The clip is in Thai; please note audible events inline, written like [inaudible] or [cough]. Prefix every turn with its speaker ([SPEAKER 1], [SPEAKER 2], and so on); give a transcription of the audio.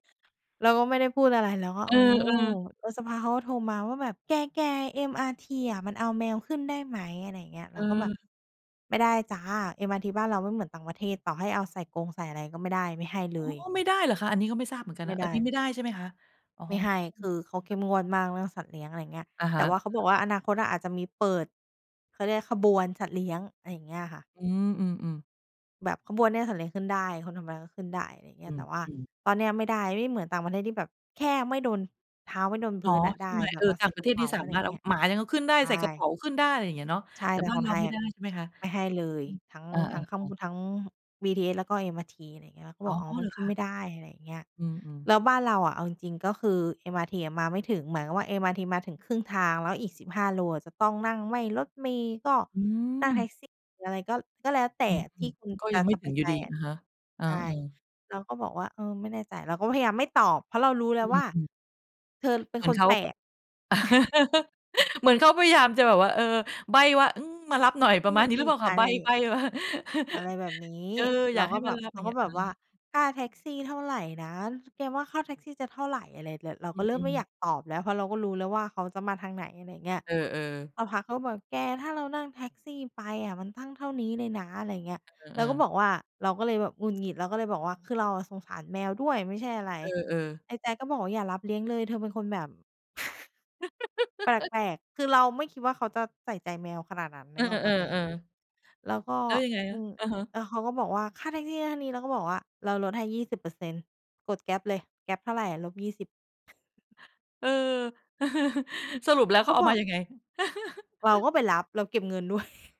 [SPEAKER 1] เราก็ไม่ได้พูดอะไร เราก็
[SPEAKER 2] เอ
[SPEAKER 1] อ๋อ
[SPEAKER 2] อ ๆ
[SPEAKER 1] แล้วสักพักเขาก็โทรมาว่าแบบ "แก ๆ MRT อะ มันเอาแมวขึ้นได้ไหม?" อะไรเงี้ย เร
[SPEAKER 2] เ
[SPEAKER 1] าก็แบบ
[SPEAKER 2] ออ
[SPEAKER 1] "ไม่ได้จ้า MRT บ้านเราไม่เหมือนต่างประเทศ ต่อให้เอาใส่กรง ใส่อะไร ก็ไม่ได้ ไม่ให้เ
[SPEAKER 2] อ๋
[SPEAKER 1] ล
[SPEAKER 2] อ
[SPEAKER 1] ย"
[SPEAKER 2] ไม่ได้เหรอคะ? อันนี้ก็ไม่ทราบเหมือนกัน
[SPEAKER 1] ไม
[SPEAKER 2] น
[SPEAKER 1] ่
[SPEAKER 2] ะ
[SPEAKER 1] ไ
[SPEAKER 2] อั
[SPEAKER 1] ด
[SPEAKER 2] น
[SPEAKER 1] ้
[SPEAKER 2] นี้ไม่ได้ใช่ไหมคะ? อ๋อ
[SPEAKER 1] ไม่ให้ คือเขาเข
[SPEAKER 2] อืม อา
[SPEAKER 1] ้มงวดมากเรื่องสัตว์เลี้ยง อะไรเงี้ย
[SPEAKER 2] อะฮ
[SPEAKER 1] แต่
[SPEAKER 2] ะ
[SPEAKER 1] ว่าเขาบ
[SPEAKER 2] ๆ
[SPEAKER 1] อกว่า อนาคตอะอาจจะมีเปิด เขาเรียกขบวนสัตว์เลี้ยง อะไรอย่างเงี้ยค่ะ
[SPEAKER 2] อืม ๆ ๆ
[SPEAKER 1] แบบขบวนเนี้ยสัตว์เลี้ยงขึ้นได้ คนธรรมดาก็ขึ้นได้ ไรเงี
[SPEAKER 2] อื
[SPEAKER 1] ้ย แต่ว่า
[SPEAKER 2] ม ๆ
[SPEAKER 1] ตอนเนี้ยอะไม่ได้ ไม่เหมือนต่างประเทศที่แบบ แค่ไม่โดน เท้าไม่โดน
[SPEAKER 2] เ
[SPEAKER 1] พ
[SPEAKER 2] นา
[SPEAKER 1] ื้
[SPEAKER 2] ะ
[SPEAKER 1] นน่ะไ
[SPEAKER 2] ใ
[SPEAKER 1] ด
[SPEAKER 2] ช
[SPEAKER 1] ้
[SPEAKER 2] ่ไหม?
[SPEAKER 1] แบ
[SPEAKER 2] เอ
[SPEAKER 1] บ
[SPEAKER 2] อ
[SPEAKER 1] เอา
[SPEAKER 2] ต
[SPEAKER 1] ใ
[SPEAKER 2] ่
[SPEAKER 1] ส
[SPEAKER 2] า
[SPEAKER 1] ่
[SPEAKER 2] งปร
[SPEAKER 1] ก
[SPEAKER 2] ะ
[SPEAKER 1] ร
[SPEAKER 2] เท
[SPEAKER 1] ะ
[SPEAKER 2] ศ
[SPEAKER 1] เป
[SPEAKER 2] นี
[SPEAKER 1] ๋
[SPEAKER 2] ่
[SPEAKER 1] า
[SPEAKER 2] สา
[SPEAKER 1] อะไร
[SPEAKER 2] ม
[SPEAKER 1] อ
[SPEAKER 2] า
[SPEAKER 1] ย
[SPEAKER 2] ร
[SPEAKER 1] ่
[SPEAKER 2] ถ
[SPEAKER 1] าง
[SPEAKER 2] เอ
[SPEAKER 1] เง
[SPEAKER 2] า
[SPEAKER 1] ี้ย
[SPEAKER 2] หมายังเอาขึ้นได้
[SPEAKER 1] ใช
[SPEAKER 2] ใส่กระเป๋
[SPEAKER 1] ่
[SPEAKER 2] าขึ้นได้ ไรเงี้ยเนาะ
[SPEAKER 1] ใช่
[SPEAKER 2] แต่
[SPEAKER 1] แต่
[SPEAKER 2] บ้า
[SPEAKER 1] ข
[SPEAKER 2] น
[SPEAKER 1] อง
[SPEAKER 2] เร
[SPEAKER 1] ไ
[SPEAKER 2] า
[SPEAKER 1] ท
[SPEAKER 2] ไ
[SPEAKER 1] ย
[SPEAKER 2] ม่
[SPEAKER 1] อ
[SPEAKER 2] ได
[SPEAKER 1] ะ
[SPEAKER 2] ้ใช่ไหมคะ?
[SPEAKER 1] ไม่ให้เลย
[SPEAKER 2] อืม
[SPEAKER 1] ทั้ง
[SPEAKER 2] เอ
[SPEAKER 1] ทั้งข้าง
[SPEAKER 2] อ
[SPEAKER 1] บ
[SPEAKER 2] ๆ ๆ
[SPEAKER 1] น ทั้ง BTS แล้วก็ MRT อะไรเงี้ย เขา
[SPEAKER 2] อ๋
[SPEAKER 1] บ
[SPEAKER 2] อ
[SPEAKER 1] อก อ๋อ ม
[SPEAKER 2] เ
[SPEAKER 1] ั
[SPEAKER 2] หร
[SPEAKER 1] น
[SPEAKER 2] อ
[SPEAKER 1] ขึ
[SPEAKER 2] ค
[SPEAKER 1] ้นไ
[SPEAKER 2] ะ?
[SPEAKER 1] ม่ได้ อะไรอย่างเงี้ย
[SPEAKER 2] อืม อือ
[SPEAKER 1] แล้วบ้านเราอะเอาจริง ๆ ก็คือ MRT อะมาไม่ถึง หมายความว่า MRT มาถึงครึ่งทาง แล้วอีก 15 โลอะจะต้องนั่งไม่รถเมล์ก็
[SPEAKER 2] อื
[SPEAKER 1] นั่งแท็
[SPEAKER 2] ม
[SPEAKER 1] กซี่ หรืออะไรก็ ก็แล้วแต่
[SPEAKER 2] อืม
[SPEAKER 1] ที่คุณ
[SPEAKER 2] ๆ ก็
[SPEAKER 1] จะ
[SPEAKER 2] ยังไม่
[SPEAKER 1] ส
[SPEAKER 2] ถ
[SPEAKER 1] บ
[SPEAKER 2] ึ
[SPEAKER 1] า
[SPEAKER 2] ง
[SPEAKER 1] ย
[SPEAKER 2] อย
[SPEAKER 1] ใ
[SPEAKER 2] ู่
[SPEAKER 1] จ
[SPEAKER 2] ดี
[SPEAKER 1] อะ
[SPEAKER 2] อะฮะ เออ
[SPEAKER 1] ใช่
[SPEAKER 2] ๆ
[SPEAKER 1] เราก็บอกว่า เออ ไม่แน่ใจ เราก็พยายามไม่ตอบ เพราะเรารู้แล
[SPEAKER 2] อ
[SPEAKER 1] ้
[SPEAKER 2] ื
[SPEAKER 1] วว
[SPEAKER 2] ม
[SPEAKER 1] ่า
[SPEAKER 2] อือ
[SPEAKER 1] เธอเป็
[SPEAKER 2] เ
[SPEAKER 1] น
[SPEAKER 2] หมือน
[SPEAKER 1] ค
[SPEAKER 2] เ
[SPEAKER 1] น
[SPEAKER 2] ขา
[SPEAKER 1] แปล
[SPEAKER 2] แบบ
[SPEAKER 1] ก [chuckles]
[SPEAKER 2] [laughs] เหมือนเขาพยายามจะแบบว่า เออ ใบ้ว่า อืม มารับหน่อย ปร
[SPEAKER 1] อื
[SPEAKER 2] ะมาณนี้หรือ
[SPEAKER 1] ม
[SPEAKER 2] เปล่า
[SPEAKER 1] ๆ
[SPEAKER 2] ค
[SPEAKER 1] อ
[SPEAKER 2] ะ?
[SPEAKER 1] ะ
[SPEAKER 2] ใ
[SPEAKER 1] ไ
[SPEAKER 2] บ
[SPEAKER 1] ร
[SPEAKER 2] ้
[SPEAKER 1] อย่
[SPEAKER 2] ใบ
[SPEAKER 1] าง
[SPEAKER 2] ้มา
[SPEAKER 1] อะไร
[SPEAKER 2] [chuckles]
[SPEAKER 1] แบบนี้
[SPEAKER 2] เออ อ
[SPEAKER 1] เ
[SPEAKER 2] ย
[SPEAKER 1] รา
[SPEAKER 2] ากให
[SPEAKER 1] ก
[SPEAKER 2] ้
[SPEAKER 1] ็แ
[SPEAKER 2] ม
[SPEAKER 1] บ
[SPEAKER 2] า
[SPEAKER 1] บ
[SPEAKER 2] รับ
[SPEAKER 1] เ
[SPEAKER 2] อ
[SPEAKER 1] ร
[SPEAKER 2] ย
[SPEAKER 1] า
[SPEAKER 2] ่างเง
[SPEAKER 1] ก
[SPEAKER 2] ี
[SPEAKER 1] ็
[SPEAKER 2] ้ย
[SPEAKER 1] แบ
[SPEAKER 2] อื
[SPEAKER 1] บว่า
[SPEAKER 2] ม
[SPEAKER 1] "ค่าแท็กซี่เท่าไรนะ แกว่าค่าแท็กซี่จะเท่าไร?" อะไรแบบ เรา
[SPEAKER 2] อ
[SPEAKER 1] ก็เริ่ม
[SPEAKER 2] ื
[SPEAKER 1] ไม
[SPEAKER 2] อ
[SPEAKER 1] ่อย
[SPEAKER 2] ๆ
[SPEAKER 1] ากตอบแล้ว เพราะเราก็รู้แล้วว่าเขาจะมาทางไหน? อะไรเงี้ย
[SPEAKER 2] เออ ๆ
[SPEAKER 1] สักพักเขาบอก "แก ถ้าเรานั่งแท็กซี่ไปอะมันตั้งเท่านี้เลยนะ" อะไรเงี้ย
[SPEAKER 2] เ
[SPEAKER 1] เร
[SPEAKER 2] อ
[SPEAKER 1] าก
[SPEAKER 2] อ
[SPEAKER 1] ็
[SPEAKER 2] ๆ
[SPEAKER 1] บอกว่า เราก็เลยแบบหงุดหงิด เราก็เลยบอกว่า คือเราอะสงสารแมวด้วยไม่ใช่อะไร
[SPEAKER 2] เออ ๆ
[SPEAKER 1] ไอ้แจ๊คก็บอกว่าอย่ารับเลี้ยงเลย เธอเป็นคนแบบ [chuckles] แ
[SPEAKER 2] [giggles]
[SPEAKER 1] ปลก ๆ คือเราไม่คิดว่าเขาจะใส่ใจแมวขนาดนั้น
[SPEAKER 2] เ
[SPEAKER 1] น
[SPEAKER 2] อ
[SPEAKER 1] ึ
[SPEAKER 2] อ
[SPEAKER 1] กออกเปล่าตัวเอง
[SPEAKER 2] ๆ ๆ ๆ
[SPEAKER 1] แล้วก็
[SPEAKER 2] แล้วยังไง
[SPEAKER 1] อ
[SPEAKER 2] ค
[SPEAKER 1] ื
[SPEAKER 2] ะ?
[SPEAKER 1] ม
[SPEAKER 2] อะฮะ
[SPEAKER 1] แล้วเขาก็บอกว่า "ค่าแท็กซี่นะเท่านี้" เราก็บอกว่า "เราลดให้ 20% กด Grab เลย Grab เท่าไรอะลบ 20"
[SPEAKER 2] เออ [chuckles] สรุปแล้
[SPEAKER 1] อ
[SPEAKER 2] ว
[SPEAKER 1] า
[SPEAKER 2] เ
[SPEAKER 1] เ
[SPEAKER 2] ข
[SPEAKER 1] ข
[SPEAKER 2] า
[SPEAKER 1] า
[SPEAKER 2] เอา
[SPEAKER 1] บอ
[SPEAKER 2] มา
[SPEAKER 1] ก
[SPEAKER 2] ยังไง?
[SPEAKER 1] เรา
[SPEAKER 2] [chuckles]
[SPEAKER 1] ก็ไปรับ เราเก็บเงิน ด้วย